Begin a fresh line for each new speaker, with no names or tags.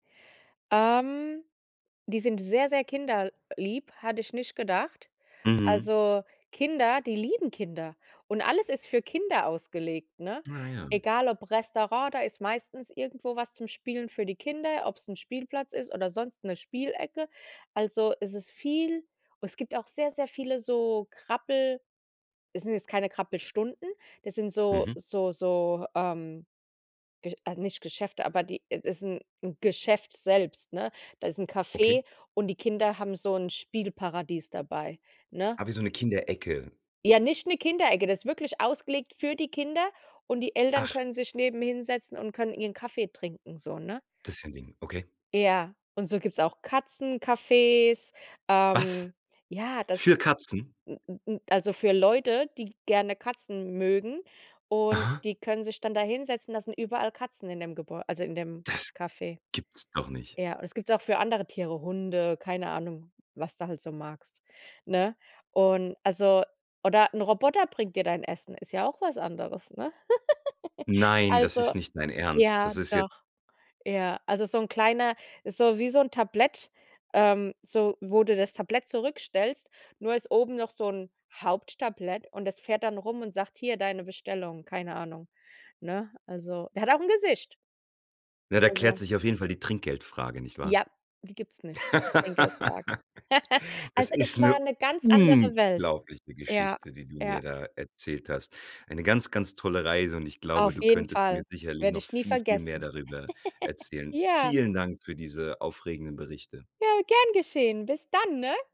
Ähm, die sind sehr, sehr kinderlieb, hatte ich nicht gedacht.
Mhm.
Also, Kinder die lieben Kinder und alles ist für Kinder ausgelegt, ne?
Ah, ja.
Egal ob Restaurant, da ist meistens irgendwo was zum Spielen für die Kinder, ob's 'n Spielplatz ist oder sonst 'ne Spielecke. Also, es ist viel es gibt auch sehr, sehr viele so Krabbel es sind jetzt keine Krabbelstunden, das sind so
Mhm.
so so, ähm, Ge äh, nicht Geschäfte, aber die äh, das 'n Geschäft selbst, ne? Da ist 'n
Okay.
Café und die Kinder haben so 'n Spielparadies dabei, ne?
Ah, wie so 'ne Kinderecke?
Ja, nicht 'ne Kinderecke. Das ist wirklich ausgelegt für die Kinder und die Eltern
Ach.
können sich neben hinsetzen und können ihren Kaffee trinken so, ne?
Das ist ja 'n Ding, okay.
Ja, und so gibt's auch Katzencafés,
Was?
ähm ja, das
Für Katzen?
n n n also für Leute, die gerne Katzen mögen und
Aha.
die können sich dann da hinsetzen, da sind überall Katzen in dem Gebäu also in dem
Das
Café.
gibt's doch nicht.
Ja, und das gibt's auch für andere Tiere, Hunde, keine Ahnung, was du halt so magst, ne? Und, also oder 'n Roboter bringt dir dein Essen, ist ja auch was anderes, ne?
Nein, das
Also,
ist nicht dein Ernst.
ja,
Das ist jetzt
doch. Ja, also, so 'n kleiner so wie so 'n Tablett, ähm, so, wo du das Tablett zurückstellst, nur ist oben noch so 'n Haupttablett und das fährt dann rum und sagt: „Hier, deine Bestellung", keine Ahnung, ne? Also, der hat auch 'n Gesicht.
Ja, da klärt
Also
sich auf jeden Fall die Trinkgeldfrage, nicht wahr?
Ja, die gibt's nicht, Trinkgeldfrage.
Das
Also, es
ist 'ne
war 'ne ganz andere Welt.
unglaubliche
Ja,
Geschichte, die du
ja.
mir da erzählt hast. Eine ganz, ganz tolle Reise und ich glaube,
Auf
du
jeden
könntest mir
Fall,
sicherlich
werde
noch
ich nie
viel, viel mehr
vergessen.
darüber erzählen.
Ja.
Vielen Dank für diese aufregenden Berichte.
Ja, gern geschehen. Bis dann, ne?